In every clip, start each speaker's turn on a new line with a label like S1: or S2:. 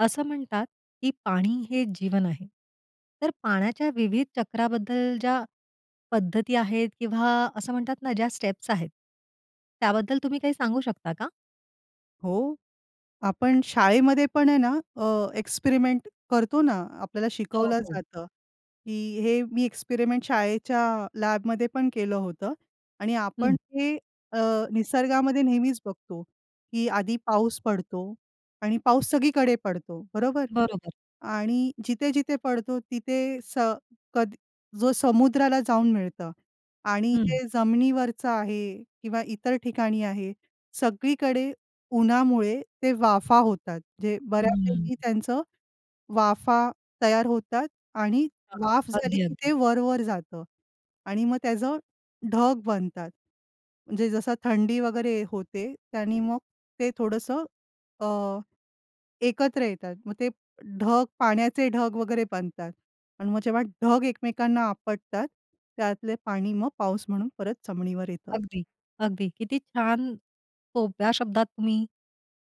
S1: असं म्हणतात, की पाणी हे जीवन आहे. तर पाण्याच्या विविध चक्राबद्दल ज्या पद्धती आहेत किंवा असं म्हणतात ना, ज्या स्टेप्स आहेत. त्याबद्दल तुम्ही काही सांगू शकता का?
S2: हो. आपण शाळेमध्ये पण आहे ना अ, एक्सपेरिमेंट करतो ना. आपल्याला
S1: हो,
S2: शिकवलं
S1: हो.
S2: जातं, की हे मी एक्सपेरिमेंट शाळेच्या लॅबमध्ये पण केलं होतं. आणि आपण
S1: हं.
S2: हे अ, निसर्गामध्ये नेहमीच बघतो, की आधी पाऊस पडतो आणि पाऊस सगळीकडे पडतो, बरोबर.
S1: बरोबर.
S2: आणि जिथे-जिथे पडतो तिथे स कद जो समुद्राला जाऊन मिळतं. आणि
S1: हं.
S2: जे जमिनीवरचं आहे किंवा इतर ठिकाणी आहे, सगळीकडे उन्हामुळे ते वाफा होतात. जे
S1: हंम्म.
S2: बऱ्यापैकी त्यांचं वाफा तयार होतात आणि
S1: हां, हां.
S2: वाफ झाले
S1: अगदी,
S2: की
S1: अगदी.
S2: ते वर-वर जातं. आणि मग त्याचं ढग बनतात. म्हणजे जसं थंडी वगैरे होते. त्यानी मग ते थोडंसं अ, एकत्र येतात. मग ते ढग, पाण्याचे ढग वगैरे बनतात. आणि मग जेव्हा ढग एकमेकांना आपटतात, त्यातले पाणी मग पाऊस म्हणून परत जमिनीवर येतं.
S1: अगदी, अगदी. किती छान, सोप्या शब्दात तुम्ही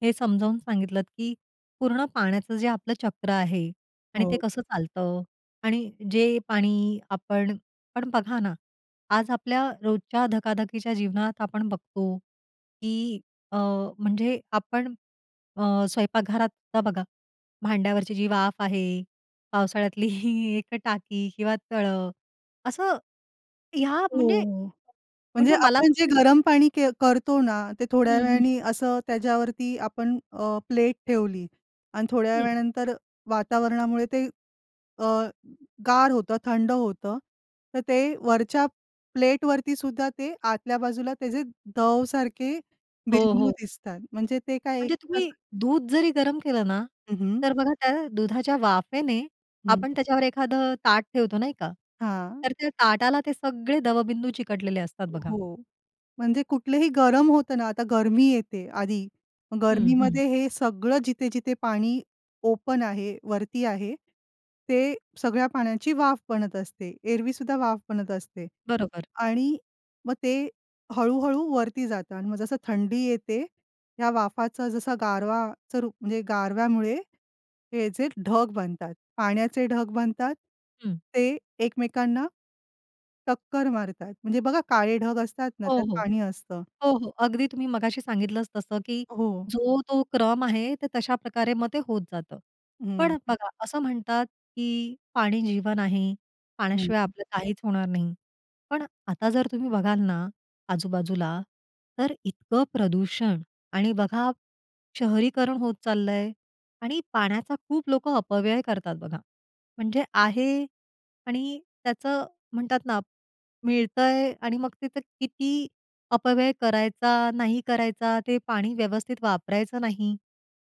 S1: हे समजावून सांगितलंत, की पूर्ण पाण्याचं जे आपलं चक्र आहे आणि ते
S2: हो.
S1: कसं चालतं. आणि जे पाणी आपण पण बघा ना, आज आपल्या रोजच्या धकाधकीच्या जीवनात आपण बघतो, की अ, म्हणजे आपण अ, स्वयंपाकघरात आता बघा, भांड्यावरची जी वाफ आहे, पावसाळ्यातली ही एक टाकी किंवा तळं. असं ह्या
S2: हो,
S1: म्हणजे
S2: हो. म्हणजे
S1: म्हणजे मला
S2: आपण जे
S1: असं
S2: गरम पाणी के करतो ना, ते थोड्या
S1: हं, हं.
S2: वेळाने असं त्याच्यावरती आपण अ, प्लेट ठेवली आणि थोड्या
S1: हं.
S2: वेळानंतर वातावरणामुळे ते अ, गार होतं. थंड होतं. तर ते वरच्या प्लेटवरती सुद्धा ते आतल्या बाजूला त्याचे दव सारखे
S1: हो,
S2: बिंदू
S1: हो.
S2: दिसतात. म्हणजे ते काय एक
S1: म्हणजे तुम्ही
S2: प्रकाऱ्
S1: दूध जरी गरम केलं ना,
S2: हं, हं.
S1: तर बघा त्या दुधाच्या वाफेने
S2: हं.
S1: आपण त्याच्यावर एखादं ताट ठेवतो नाही का?
S2: हां.
S1: तर त्या ताटाला ते सगळे दवबिंदू चिकटलेले असतात बघा.
S2: हो. म्हणजे कुठलेही गरम होतं ना, आता गरमी येते आधी. मग
S1: हं, हं.
S2: गरमीमध्ये हे सगळं जिथे-जिथे पाणी ओपन आहे, वरती आहे, ते सगळ्या पाण्याची वाफ बनत असते. एरवी सुद्धा वाफ बनत असते.
S1: बरोबर.
S2: आणि मग ते हळू-हळू वरती जातं. मग जसं थंडी येते, या वाफाचं जसं गारवाचं रूप म्हणजे गारव्यामुळे, हे जे ढग बनतात. पाण्याचे ढग बनतात.
S1: हं.
S2: ते एकमेकांना टक्कर मारतात. म्हणजे बघा काळे ढग असतात ना,
S1: हो,
S2: त्यात
S1: हो.
S2: पाणी असतं.
S1: हो, हो. अगदी तुम्ही मघाशी सांगितलंच तसं की
S2: हो.
S1: जो तो क्रम आहे, ते तशाप्रकारे मग ते होत जातं. पण
S2: हं.
S1: बघा असं म्हणतात, की पाणी जीवन आहे.
S2: हं,
S1: पाण्याशिवाय
S2: हं.
S1: आपलं काहीच होणार नाही. पण आता जर तुम्ही बघाल ना आजूबाजूला, तर इतकं प्रदूषण आणि बघा, शहरीकरण होत चाललंय आणि पाण्याचा खूप लोकं अपव्यय करतात बघा. म्हणजे आहे आणि त्याचं म्हणतात ना, मिळतंय आणि मग तिथे किती अपव्यय करायचा, नाही करायचा. ते पाणी व्यवस्थित वापरायचं नाही.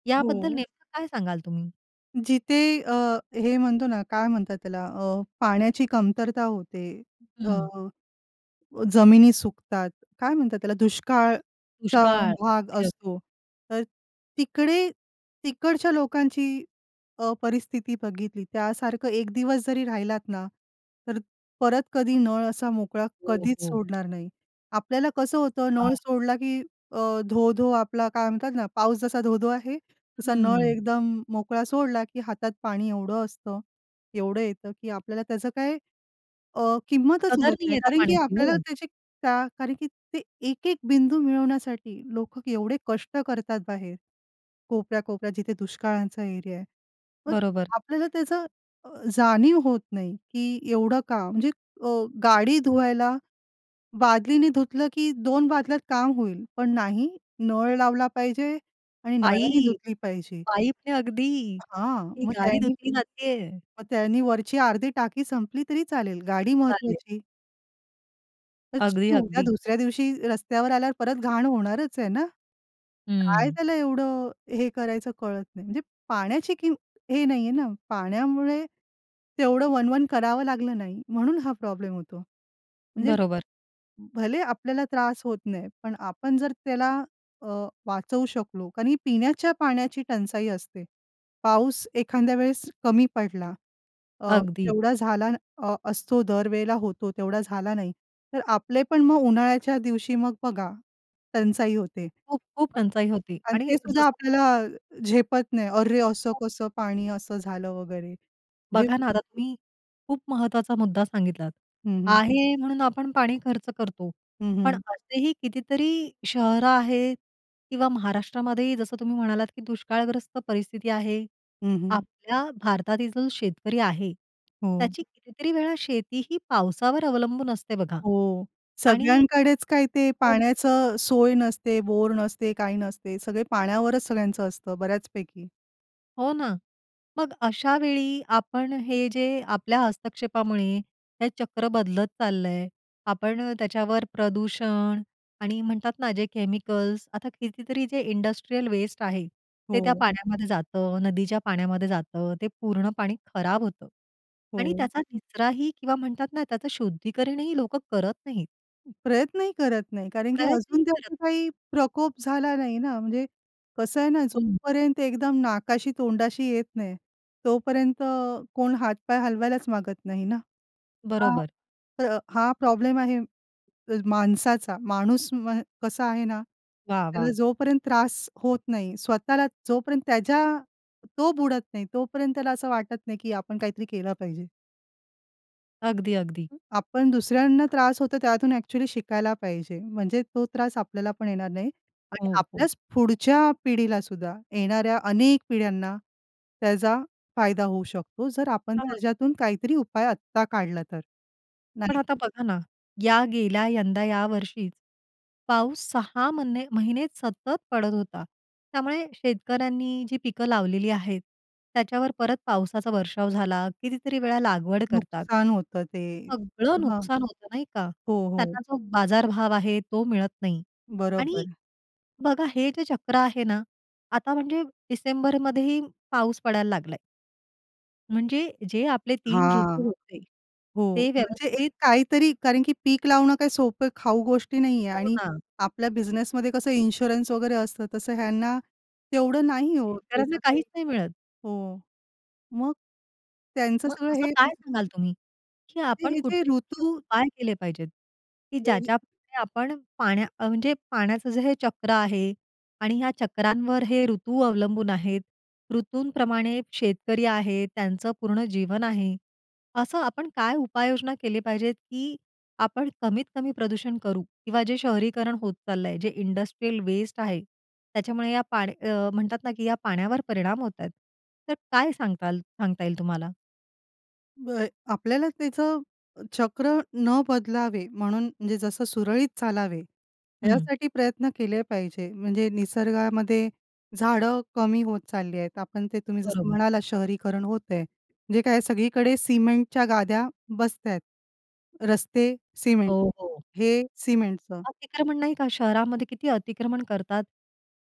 S1: याबद्दल
S2: हो.
S1: नेमकं काय सांगाल तुम्ही?
S2: जिथे अ, हे म्हणतो ना काय म्हणतात त्याला? अ, पाण्याची कमतरता होते. अ,
S1: हं.
S2: जमिनी सुकतात, काय म्हणतात त्याला दुष्काळचा
S1: दुष्काळ.
S2: भाग
S1: अगदी-अगदी.
S2: असतो. तर तिकडे तिकडच्या लोकांची, अ, परिस्थिती बघितली त्यासारखं 1 दिवस जरी राहिलात ना, तर परत कधी नळ असा मोकळा
S1: हो,
S2: कधीच
S1: हो.
S2: सोडणार नाही. आपल्याला कसं होतं,
S1: हां.
S2: नळ सोडला की अ, धो-धो आपला काय म्हणतात ना, पाऊस जसा धो-धो आहे. तसा नळ
S1: हं.
S2: एकदम मोकळा सोडला, की हातात पाणी एवढं असतं, एवढं येतं, की आपल्याला त्याचं काय अ, किंमतच
S1: कदर
S2: उरत
S1: नाही
S2: नाही.
S1: आहे त्या
S2: कारण की
S1: पाण्याची
S2: आपल्याला
S1: हो.
S2: त्याची, का कारण की ते एक-एक बिंदू मिळवण्यासाठी लोकं एवढे कष्ट करतात बाहेर. कोपऱ्या, कोपऱ्या जिथे दुष्काळाचा एरिया आहे. मग
S1: बरोबर.
S2: आपल्याला त्याचं अ, जाणीव होत नाही. की एवढं काम म्हणजे अ, गाडी धुवायला, बादलीनी धुतलं की 2 बादल्यात काम होईल. पण नाही नळ लावला पाहिजे आणि नळाने
S1: पाईप.
S2: धुतली पाहिजे.
S1: पाईपनी अगदी,
S2: हां,
S1: ती
S2: मग
S1: गाडी
S2: त्यांनी
S1: धुतली जातेय.
S2: मग त्यांनी वरची अर्धी टाकी संपली तरी चालेल गाडी
S1: चालेल.
S2: महत्वाची. तर
S1: अगदी,
S2: उद्या
S1: अगदी.
S2: दुसऱ्या दिवशी रस्त्यावर आल्यावर परत घाण होणारच आहे ना? काय
S1: हं.
S2: त्याला एवढं हे करायचं कळत नाही. म्हणजे पाण्याची किमत हे नाहीये ना पाण्यामुळे तेवढं वणवण करावं लागलं नाही म्हणून हा प्रॉब्लेम होतो. म्हणजे
S1: बरोबर.
S2: भले आपल्याला त्रास होत नाही, पण आपण जर त्याला अ, वाचवू शकलो, कारण ही पिण्याच्या पाण्याची टंचाई असते. पाऊस एखाद्या वेळेस कमी पडला अ,
S1: अगदी.
S2: जेवढा झाला असतो अ, दर वेळेला होतो, तेवढा झाला नाही, तर आपले पण मग उन्हाळ्याच्या दिवशी मग बघा टंचाई होते.
S1: खूप-खूप
S2: [unintelligible]
S1: टंचाई होती
S2: आणि
S1: आणि
S2: ते सुद्धा
S1: जसं न
S2: आपल्याला झेपत नाही. "अरे! असं
S1: [unintelligible]
S2: कसं पाणी, असं झालं वगैरे." जे
S1: बघा ना, आता तुम्ही खूप महत्त्वाचा मुद्दा सांगितलात.
S2: हं, हं.
S1: आहे म्हणून आपण पाणी खर्च करतो.
S2: हं,
S1: पण
S2: हं.
S1: असेही कितीतरी शहरं आहेत किंवा महाराष्ट्रामध्येही जसं तुम्ही म्हणालात की दुष्काळग्रस्त परिस्थिती आहे.
S2: हं, हं.
S1: आपल्या भारतातील जो शेतकरी आहे
S2: हो.
S1: त्याची कितीतरी वेळा शेती ही पावसावर अवलंबून असते बघा.
S2: हो
S1: आणि
S2: सगळ्यांकडेच काय ते
S1: [unintelligible]
S2: पाण्याचं सोय नसते. बोर नसते, काही नसते. सगळे पाण्यावरच सगळ्यांचं असतं बऱ्याचपैकी.
S1: हो ना. मग अशावेळी आपण हे जे आपल्या हस्तक्षेपामुळे, हे चक्र बदलत चाललंय. आपण त्याच्यावर प्रदूषण आणि म्हणतात ना, जे केमिकल्स आता कितीतरी जे इंडस्ट्रियल वेस्ट आहे. ते त्या
S2: हो.
S1: पाण्यामध्ये जातं, नदीच्या पाण्यामध्ये जातं, ते पूर्ण पाणी खराब होतं. आणि
S2: हो.
S1: त्याचा निचराही किंवा म्हणतात ना त्याचं शुद्धीकरणही लोकं करत नाहीत.
S2: प्रयत्नही करत नाही, कारण की
S1: प्रयत्नही
S2: अजून
S1: करत
S2: त्याचा काही प्रकोप झाला नाही ना. म्हणजे कसं आहे ना, जो
S1: हं.
S2: पर्यंत एकदम नाकाशी, तोंडाशी येत नाही. तोपर्यंत अ, कोण हातपाय हलवायलाच मागत नाही ना हां.
S1: बरोबर.
S2: तर हां प्रॉब्लेम आहे माणसाचा, माणूस म्ह कसा आहे ना.
S1: वाह! वाह!
S2: त्याला जोपर्यंत त्रास होत नाही, स्वतःला जोपर्यंत त्याच्या, तो बुडत नाही तोपर्यंत त्याला असं वाटत नाही की आपण काहीतरी केलं पाहिजे.
S1: अगदी, अगदी.
S2: अ, आपण दुसऱ्यांना त्रास होतो त्यातून एक्चुअली शिकायला पाहिजे. म्हणजे तो त्रास आपल्याला पण येणार नाही. आणि
S1: हो, हो.
S2: आपल्याच पुढच्या पिढीला सुद्धा, येणाऱ्या अनेक पिढ्यांना, त्याचा फायदा होऊ शकतो. जर आपण
S1: हां.
S2: त्याच्यातून काहीतरी उपाय आत्ता काढला तर
S1: पण
S2: नाही.
S1: आता बघा ना, या गेल्या यंदा या वर्षीच, पाऊस 6 म्हणे महिने सतत पडत होता. त्यामुळे शेतकऱ्यांनी जी पिकं लावलेली आहेत. त्याच्यावर परत पावसाचा वर्षाव झाला, कितीतरी वेळा लागवड करतात.
S2: नुकसान होतं ते.
S1: सगळं
S2: हां.
S1: नुकसान होतं नाही का?
S2: हो, हो.
S1: त्यांना जो बाजारभाव आहे तो मिळत नाही. आणि
S2: बरोबर.
S1: बघा हे जे चक्र आहे ना, आता म्हणजे डिसेंबर मध्येही पाऊस पडायला लागलाय. म्हणजे जे आपले 3
S2: हां.
S1: ऋतू होते,
S2: हो.
S1: ते
S2: म्हणजे एक
S1: व्यवस्थित
S2: काहीतरी कारण की पीक लावणं काही सोपं खाऊ गोष्टी नाही आहे
S1: हो
S2: आणि
S1: ना.
S2: आपल्या बिझनेसमध्ये कसं इन्शुरन्स वगैरे असतं. तसं ह्यांना, तेवढं नाही आहे हो.
S1: शेतकऱ्यांना
S2: त्याचं काही
S1: काहीच नाही मिळत.
S2: हो. मग त्यांचं
S1: मग
S2: सगळं
S1: असं
S2: हे
S1: काय सांगाल तुम्ही, की
S2: ते,
S1: आपण
S2: हे जे
S1: कुठचे, कुठचे
S2: ऋतू
S1: उपाय केले पाहिजेत, की
S2: वेग
S1: ज्याच्याप्रमाणे आपण पाण्या म्हणजे पाण्याचं जे हे चक्र आहे आणि ह्या चक्रांवर हे ऋतू अवलंबून आहेत, ऋतूंप्रमाणे शेतकरी आहेत, त्यांचं पूर्ण जीवन आहे. असं आपण काय उपाययोजना केली पाहिजे, की आपण कमीत कमी प्रदूषण करू? किंवा जे शहरीकरण होत चालल आहे, जे इंडस्ट्रियल वेस्ट आहे. त्याच्यामुळे या पाड अ, म्हणतात ना की या पाण्यावर परिणाम होत आहेत. तर काय सांगताल सांगता येईल तुम्हाला?
S2: होय, आपल्याला त्याचं, चक्र न बदलावे म्हणून म्हणजे जसं सुरळीत चालावे,
S1: हं.
S2: यासाठी प्रयत्न केले पाहिजे. म्हणजे निसर्गामध्ये, झाडं कमी होत चालली आहेत. आपण ते तुम्ही जसं
S1: बरोबर.
S2: म्हणालात शहरीकरण होत आहे. जे काय सगळीकडे सिमेंटच्या गाद्या बसत आहेत. रस्ते सिमेंट,
S1: हो, हो.
S2: हे सिमेंटचं.
S1: अतिक्रमण नाही का. शहरामध्ये किती अतिक्रमण करतात.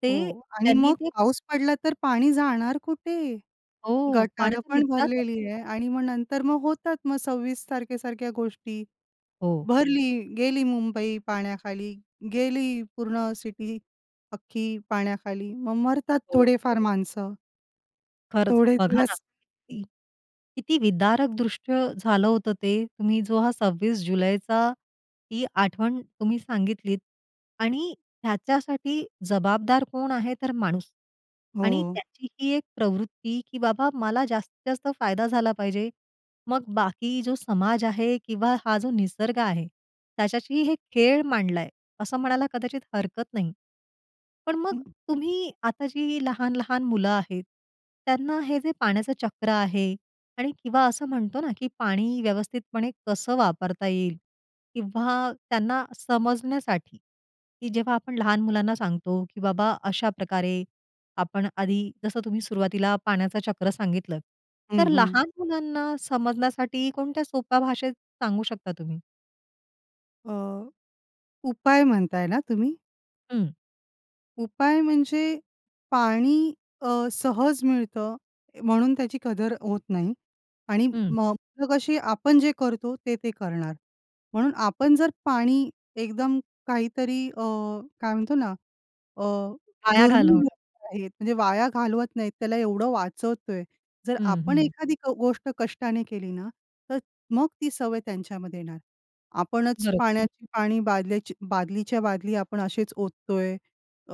S1: ते
S2: हो. आणि
S1: त्यांनी
S2: मग
S1: ते
S2: पाऊस पडला तर पाणी जाणार कुठे?
S1: हो,
S2: गटारं
S1: पाण्यातून
S2: पण
S1: इतका
S2: भरलेली आहे
S1: कचरा [unintelligible]
S2: आणि मग नंतर मग होतात मग 26 तारखेसारख्या गोष्टी.
S1: हो.
S2: भरली, गेली मुंबई पाण्याखाली, गेली पूर्ण सिटी अख्खी पाण्याखाली. मग मरतात
S1: हो.
S2: थोडे-फार माणसं.
S1: खरंच
S2: थोडे
S1: बघा ना,
S2: दिवस.
S1: की किती विदारक दृष्ट झालं होतं ते. तुम्ही जो हा 26 जुलैचा ही आठवण तुम्ही सांगितलीत आणि ह्याच्यासाठी जबाबदार कोण आहे तर माणूस. आणि
S2: हो.
S1: त्याची ही एक प्रवृत्ती की बाबा मला जास्तीत जास्त फायदा झाला पाहिजे. मग बाकी जो समाज आहे किंवा हा जो निसर्ग आ, हे त्याच्याशी हे खेळ मांडलाय. असं म्हणायला कदाचित हरकत नाही. पण मग
S2: हं.
S1: तुम्ही आता जी लहान-लहान मुलं आहेत, त्यांना हे जे पाण्याचं चक्र आहे आणि किंवा असं म्हणतो ना, की पाणी व्यवस्थितपणे कसं वापरता येईल किंवा त्यांना समजण्यासाठी, की जेव्हा आपण लहान मुलांना सांगतो की बाबा अशाप्रकारे आपण आधी जसं तुम्ही सुरुवातीला पाण्याचं चक्र सांगितलंत. तर
S2: हं, हं.
S1: लहान मुलांना समजण्यासाठी कोणत्या सोप्या भाषेत सांगू शकता तुम्ही?
S2: अ, उपाय म्हणताय ना तुम्ही?
S1: हं.
S2: उपाय म्हणजे, पाणी अ, सहज मिळतं म्हणून त्याची कदर होत नाही आणि
S1: हं.
S2: मग तर कशी आपण जे करतो ते ते करणार. म्हणून आपण जर पाणी एकदम काहीतरी अ, काय म्हणतो ना अ,
S1: वाया
S2: दुर्मिळ
S1: घालवणं.
S2: [unintelligible] आहेत म्हणजे वाया घालवत नाहीत त्याला एवढं वाचवतोय. जर
S1: हं,
S2: आपण
S1: हं.
S2: एखादी गोष्ट कष्टाने केली ना, तर मग ती सवय त्यांच्यामध्ये येणार. आपणच
S1: बरोबर.
S2: पाण्याची पाणी, बादल्याची बादलीच्या बादली आपण असेच ओततोय, अ,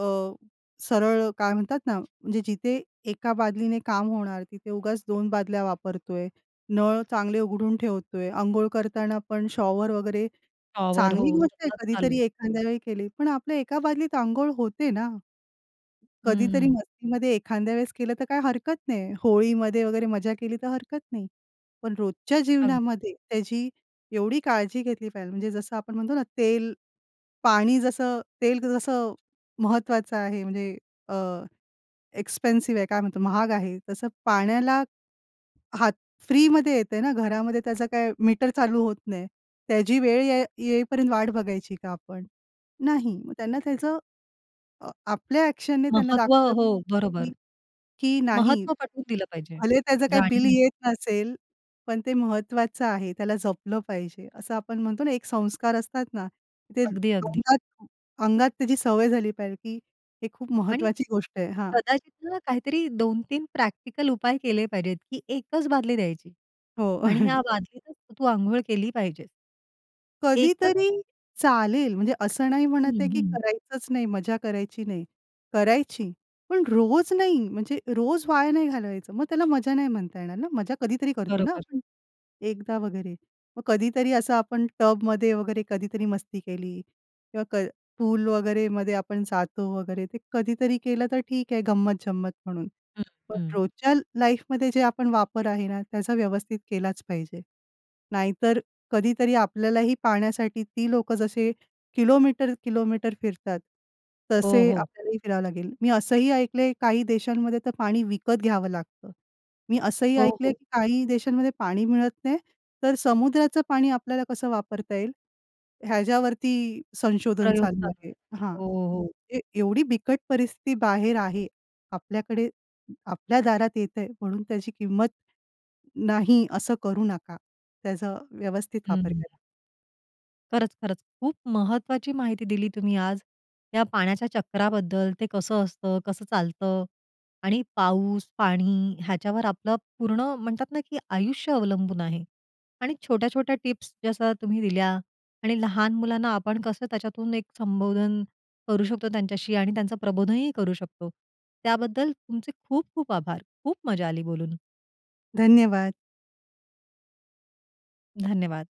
S2: सरळ काय म्हणतात ना, म्हणजे जिथे 1 बादलीने काम होणार तिथे उगाच 2 बादल्या वापरतोय, नळ चांगले उघडून ठेवतोय. अंघोळ करताना पण शॉवर वगैरे
S1: शॉवर हो
S2: चांगली गोष्ट आहे
S1: सतत चालू.
S2: कधीतरी एखाद्यावेळी केली. पण आपल्या एका बादलीत अंघोळ होते ना? कधीतरी
S1: हं.
S2: मस्तीमध्ये एखांद्या वेळेस केलं तर काय हरकत नाही. होळीमध्ये वगैरे मजा केली तर हरकत नाही. पण रोजच्या
S1: अगदी.
S2: जीवनामध्ये त्याची एवढी काळजी घेतली पाहिजे म्हणजे जसं आपण म्हणतो ना तेल, पाणी जसं तेल जसं महत्वाचं आहे म्हणजे अ, एक्सपेन्सिव्ह आहे काय म्हणतो, महाग आहे. तसं पाण्याला, हात फ्रीमध्ये येतंय ना घरामध्ये त्याचं काय मीटर चालू होत नाही. त्याची वेळ येई येईपर्यंत वाट बघायची का आपण? नाही. मग त्यांना त्याचं अ, आपल्या एक्शनने त्यांना
S1: महत्व
S2: दाखवलं,
S1: हो, बरोबर.
S2: की नाही,
S1: महत्त्व पटवून दिलं पाहिजे,
S2: भले त्याचं काही बिल
S1: जाणीव.
S2: येत नसेल, पण ते महत्वाचं आहे, त्याला जपलं पाहिजे. असं आपण म्हणतो ना एक संस्कार असतात ना. ते
S1: अगदी, अगदी.
S2: अंगात अंगात त्याची सवय झाली पाहिजे की हे खूप
S1: आणि
S2: महत्वाची गोष्ट आहे हां.
S1: कदाचित ना काहीतरी 2-3 प्रॅक्टिकल उपाय केले पाहिजेत, की 1 च. बादली द्यायची
S2: हो.
S1: आणि या बादलीतच तू अंघोळ केली पाहिजेस. 1 च.
S2: कधीतरी चालेल, म्हणजे असं नाही म्हणत
S1: हं,
S2: आहे, की
S1: हं.
S2: करायचंच नाही, मजा करायची नाही. करायची, पण रोज नाही, म्हणजे रोज वाया नाही घालवायचं मग त्याला मजा नाही म्हणता येणार ना? मजा कधीतरी करतो ना
S1: बरोबर.
S2: आपण, एकदा वगैरे. मग कधीतरी असं आपण टब मध्ये वगैरे कधीतरी मस्ती केली किंवा क पूल वगैरे मध्ये आपण जातो वगैरे, ते कधीतरी केलं तर ठीक आहे गंमत-जंमत म्हणून.
S1: हं,
S2: पण
S1: हं.
S2: रोजच्या लाईफमध्ये जे आपण वापर आहे ना त्याचा व्यवस्थित केलाच पाहिजे. नाहीतर कधीतरी आपल्यालाही पाण्यासाठी ती लोकं जसे किलोमीटर-किलोमीटर फिरतात,
S1: हो,
S2: तसे
S1: हो.
S2: आपल्यालाही फिरावं लागेल. मी असंही ऐकलंय, काही देशांमध्ये तर पाणी विकत घ्यावं लागतं. मी असंही
S1: हो,
S2: ऐकलंय
S1: हो.
S2: की काही देशांमध्ये पाणी मिळत नाही तर समुद्राचं पाणी आपल्याला कसं वापरता येईल ह्याच्यावरती संशोधन
S1: प्रयोग
S2: चालू
S1: चालू
S2: आहे हां.
S1: हो, हो.
S2: ते एवढी बिकट परिस्थिती बाहेर आहे. आपल्याकडे आपल्या दारात येतंय म्हणून त्याची किंमत नाही, असं करू नका. त्याचा व्यवस्थित वापर
S1: हं.
S2: करा.
S1: खरंच, खरंच. खूप महत्वाची माहिती दिली तुम्ही आज. त्या पाण्याच्या चक्राबद्दल ते कसं असतं, कसं चालतं आणि पाऊस, पाणी ह्याच्यावर आपलं पुर्ण म्हणतात ना की आयुष्य अवलंबून आहे. आणि छोट्या-छोट्या टिप्स जसं तुम्ही दिल्या आणि लहान मुलांना आपण कसं त्याच्यातून एक संबोधन करू शकतो त्यांच्याशी आणि त्यांचं प्रबोधनही करू शकतो. त्याबद्दल तुमचे खूप खूप आभार. खूप मजा आली बोलून.
S2: धन्यवाद.
S1: धन्यवाद.